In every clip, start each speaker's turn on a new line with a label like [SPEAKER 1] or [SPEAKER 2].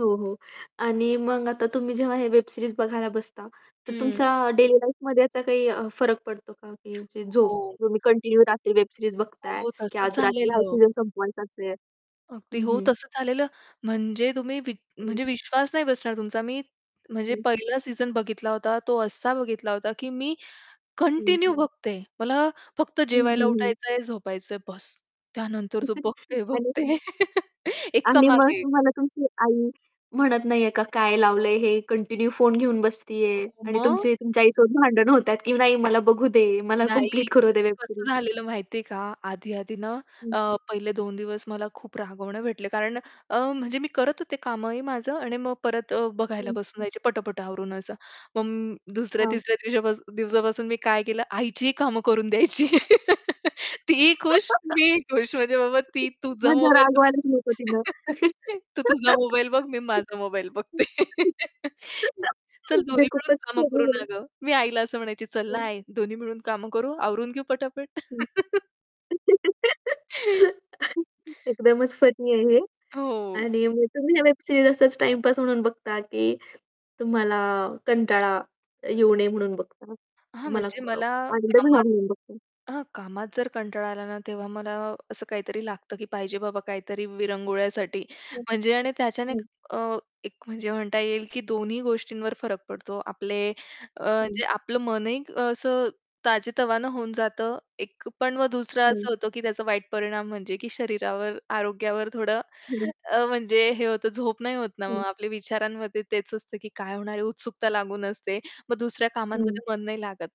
[SPEAKER 1] हो, हो. आणि मग आता तुम्ही जेव्हा हे वेब सीरीज बघायला बसता, तर
[SPEAKER 2] हं.
[SPEAKER 1] तुमच्या डेली लाईफमध्ये याचा काही अ, फरक पडतो का? की झोप
[SPEAKER 2] हो, हो.
[SPEAKER 1] तुम्ही कंटिन्यू रात्री वेब सीरीज बघताय,
[SPEAKER 2] हो,
[SPEAKER 1] की
[SPEAKER 2] तसंच
[SPEAKER 1] आज रात्री हा
[SPEAKER 2] झालेलं.
[SPEAKER 1] सीजन संपवायचाच आहे?
[SPEAKER 2] अगदी
[SPEAKER 1] हं,
[SPEAKER 2] हो,
[SPEAKER 1] हं.
[SPEAKER 2] तसं झालेलं. म्हणजे तुम्ही वि
[SPEAKER 1] हं.
[SPEAKER 2] म्हणजे विश्वास नाही बसणार तुमचा. मी म्हणजे
[SPEAKER 1] हं.
[SPEAKER 2] पहिला सीजन बघितला होता, तो असा बघितला होता, की मी
[SPEAKER 1] हं.
[SPEAKER 2] कंटिन्यू बघते. मला फक्त
[SPEAKER 1] हं,
[SPEAKER 2] जेवायला
[SPEAKER 1] हं, हं.
[SPEAKER 2] उठायचंय, झोपायचंय, बस. त्यानंतर तो
[SPEAKER 1] आणि
[SPEAKER 2] बघते-बघते एका
[SPEAKER 1] आणि मग
[SPEAKER 2] मागे एक.
[SPEAKER 1] तुम्हाला तुमची आई म्हणत नाहीये का, "काय लावलंय हे? कंटिन्यू फोन घेऊन बसतीये."
[SPEAKER 2] हो,
[SPEAKER 1] आणि
[SPEAKER 2] मग?
[SPEAKER 1] तुमची तुमच्या आईसोबत भांडणं होतात, की "नाही. मला बघू दे. मला
[SPEAKER 2] नाही.
[SPEAKER 1] कंप्लीट करू दे"
[SPEAKER 2] ते
[SPEAKER 1] "वेब
[SPEAKER 2] कसं
[SPEAKER 1] सीरीज."
[SPEAKER 2] झालेलं माहितीये का? आधी-आधी ना
[SPEAKER 1] हं.
[SPEAKER 2] अ, पहिले 2 दिवस मला खूप रागवणं भेटलं. कारण अ, म्हणजे मी करत होते कामही माझं आणि मग परत अ, बघायला
[SPEAKER 1] हं.
[SPEAKER 2] बसून जायचे, पटापट आवरून असं. मग दुसऱ्या
[SPEAKER 1] हां.
[SPEAKER 2] तिसऱ्या दिवसापासून दिवसापासून मी काय केलं, आईचीही कामं करून द्यायची. तीही खुश, मीही खुश. म्हणजे बाबा, ती तुझा
[SPEAKER 1] म्हणजे
[SPEAKER 2] मोबाईल
[SPEAKER 1] रागवायलाच नको तिनं.
[SPEAKER 2] तू तुझा मोबाईल बघ, मी माझा मोबाईल बघते. चल.
[SPEAKER 1] म्हणजे
[SPEAKER 2] दोन्ही मिळून
[SPEAKER 1] खूपच
[SPEAKER 2] कामं
[SPEAKER 1] फनी
[SPEAKER 2] करू ना
[SPEAKER 1] आहे.
[SPEAKER 2] गं. मी आईला असं म्हणायची, "चल
[SPEAKER 1] हो.
[SPEAKER 2] ना आई, दोघी मिळून कामं करू, आवरून घेऊ पटापट."
[SPEAKER 1] हं. एकदमच फनी आहे हे.
[SPEAKER 2] हो.
[SPEAKER 1] आणि मग तुम्ही या वेब सीरीज असच टाईम पास म्हणून बघता की तुम्हाला कंटाळा अ, येऊ नये म्हणून बघता. अ,
[SPEAKER 2] हां,
[SPEAKER 1] तुम्हाला
[SPEAKER 2] म्हणजे
[SPEAKER 1] अ,
[SPEAKER 2] मला
[SPEAKER 1] आनंद
[SPEAKER 2] कामात
[SPEAKER 1] [unintelligible] बघतो.
[SPEAKER 2] हां, कामात जर कंटाळा आला ना, तेव्हा मला असं काहीतरी लागतं की पाहिजे बाबा काहीतरी विरंगुळ्यासाठी.
[SPEAKER 1] हं.
[SPEAKER 2] म्हणजे आणि त्याच्याने
[SPEAKER 1] हं.
[SPEAKER 2] अ, एक म्हणजे म्हणता येईल, की दोन्ही गोष्टींवर फरक पडतो. आपले अ,
[SPEAKER 1] हं.
[SPEAKER 2] जे आपलं मनही असं ताजेतवाने होऊन जातं. एक अ, पण मग दुसरं
[SPEAKER 1] हं.
[SPEAKER 2] असं होतं, की त्याचा वाईट परिणाम म्हणजे की शरीरावर, आरोग्यावर थोडं
[SPEAKER 1] हं.
[SPEAKER 2] अ, म्हणजे हे होतं. झोप नाही होत ना,
[SPEAKER 1] हं.
[SPEAKER 2] मग आपल्या विचारांमध्ये तेच असतं, की काय होणार आहे, उत्सुकता लागून असते. मग दुसऱ्या
[SPEAKER 1] हं.
[SPEAKER 2] कामांमध्ये मन नाही लागत.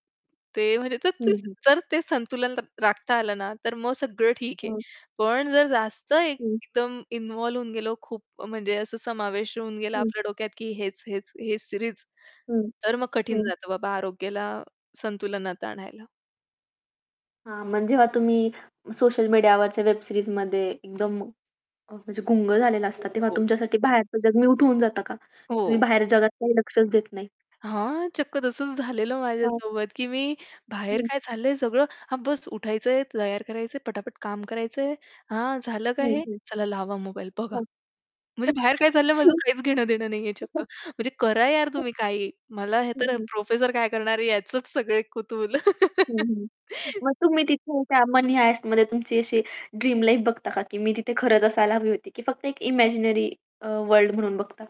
[SPEAKER 2] ते म्हणजे तर
[SPEAKER 1] हं,
[SPEAKER 2] ते
[SPEAKER 1] हं.
[SPEAKER 2] जर ते संतुलन राखता आलं ना, तर मग सगळं ठीक आहे.
[SPEAKER 1] हां.
[SPEAKER 2] पण जर जास्त एक
[SPEAKER 1] हं.
[SPEAKER 2] एकदम इन्व्हॉल्व होऊन गेलो, खूप म्हणजे असा समावेश होऊन गेला
[SPEAKER 1] हं.
[SPEAKER 2] आपल्या डोक्यात, की हेच, हेच, हेच सीरीज,
[SPEAKER 1] हं,
[SPEAKER 2] तर मग कठीण
[SPEAKER 1] हं.
[SPEAKER 2] जातं बाबा आरोग्याला संतुलनात आणायला.
[SPEAKER 1] हां, मग जेव्हा तुम्ही सोशल मीडियावरच्या वेब सीरीजमध्ये एकदम अ, म्हणजे गुंग झालेला
[SPEAKER 2] हो,
[SPEAKER 1] असता, तेव्हा
[SPEAKER 2] हो.
[SPEAKER 1] तुमच्यासाठी बाहेरचं जग म्यूट होऊन जातं का? तुम्ही
[SPEAKER 2] हो.
[SPEAKER 1] बाहेरच्या जगात काही लक्षच देत नाही.
[SPEAKER 2] हां, चक्क तसंच झालेलं
[SPEAKER 1] हां.
[SPEAKER 2] माझ्यासोबत, की मी बाहेर
[SPEAKER 1] हं.
[SPEAKER 2] काय चाललंय, सगळं. हां, बस उठायचंय, तयार करायचंय, पटापट काम करायचंय. "हां, झालं. काय
[SPEAKER 1] हं,
[SPEAKER 2] हे?
[SPEAKER 1] हं.
[SPEAKER 2] चला, लावा मोबाईल, बघा."
[SPEAKER 1] हां.
[SPEAKER 2] म्हणजे बाहेर काय चाललंय, माझं काहीच घेणं-देणं नाहीये, चक्क. म्हणजे करा यार
[SPEAKER 1] हं.
[SPEAKER 2] तुम्ही काहीही. मला हे
[SPEAKER 1] हं,
[SPEAKER 2] तर
[SPEAKER 1] हं.
[SPEAKER 2] प्रोफेसर काय करणार आहे, याचंच सगळे कुतूहल.
[SPEAKER 1] हं, हं. मग तुम्ही तिथे त्या मनी हाइस्टमध्ये तुमची अशी ड्रीम लाईफ बघता का, की मी तिथे खरंच असायला हवी होती? की फक्त एक इमॅजिनरी अ, वर्ल्ड म्हणून बघता?